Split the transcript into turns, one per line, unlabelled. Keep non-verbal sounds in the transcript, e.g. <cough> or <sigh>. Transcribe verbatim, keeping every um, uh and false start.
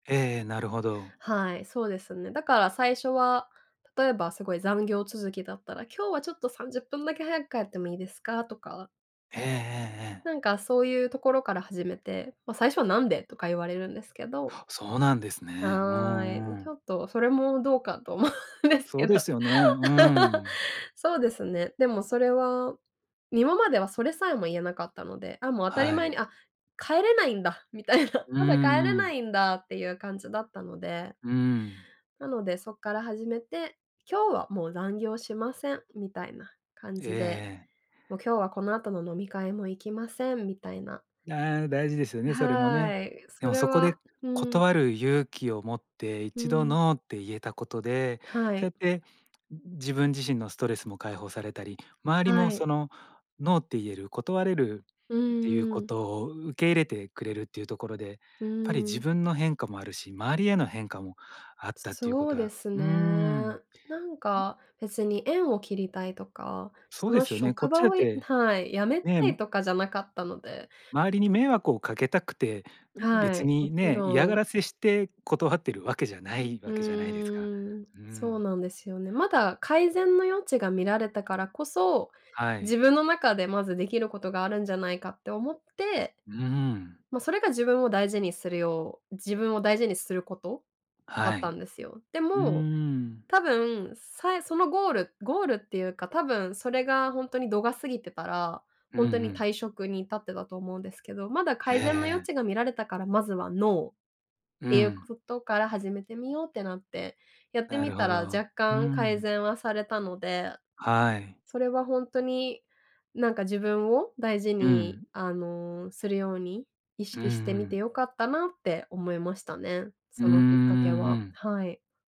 ええええ、なるほど。
はい、そうですね。だから最初は例えばすごい残業続きだったら今日は、ちょっと、さんじゅっぷんだけ早く帰ってもいいですかとか。
ええええええ。
なんか、そういうところから始めて、ま、最初は「何で」とか言われるんですけど。
あっ、そうなんですね。う
はー
ん
い、
う
ちょ
ん。
っと、それもどうかと思うんです
そ
け
うで
ど。
すよね。う
<laughs>
ん。
そうですね。でもそれは今まではそれさえも言えなかったので、あ、もう、当たり
は
前
い。
に「あ、帰れないんだ」みたいな。
う
まだ帰れ
んう
な
ん。
いんだっていう感じだったので。
うん。
なので、そっから始めて「今日はもう残業しません」みたいな感
ええ
じで、
ええ。
もう、「今日はこの後の飲み会も行きません」みたいな。
ああ、大事ですよね、それもね。
はい、
で
そ
も
れ
そこで
は、うん。
断る勇気を持ってい
う
ちど
ん。
ノーって言えたことで
は
そうや
い。
って自分自身のストレスも解放されたり周りも、
はい。
その、ノーって言える断れる
う
っていう
んう
こ
ん。
とをう受け入れてくれるっていうところで。
う
っぱり自
ん。
分の変化もあるし周りへの変化もあっ
す
たっていうこ
そう
と
で
は
す
うーん。
ね。なんか、別に縁を切りたいとか、
そ
そ
うで
の
すよね。こ
職
っち
場
だっ
をや
て
はい、辞め
ね。
たいとかじゃなかったので。
周りに迷惑をかけたくて
は
別
い、も
に
ち
ね、嫌
ろ
が
ん。
らせして断っているわけじゃな
う、
い
う
わけじゃないですか。
ーん。
う
そう
ん。
なんですよね。まだ改善の余地が見られたからこそ、
はい。
自分の中でまずできることがあるんじゃないかって思って、
うーん。
ま、それが自分を大事にするよう自分を大事にすることだ
は
った
い、
んですよ。で
うー
も
ん。
多分さそのゴールゴールっていうか、多分それが本当に度が過ぎてたら、
うんう
本当に
ん。
退職に至ってたと思うんですけどまだ
ええ
改善の余
ええ。
地が見られたからまずはノーっ
う
ていう
ん。
ことから始めてみようってなって。やって
な
み
るほ
たら
ど。
若
う
干改
ん。
善はされたので、
はい。
それは本当に、なんか、自分を大事
う
に、
ん。
あの、するように意
うんう
識してみて
ん。
良かったなって思いましたね。
うー
そ
ん、
の、きっかけ
う
は、
ん。
はい。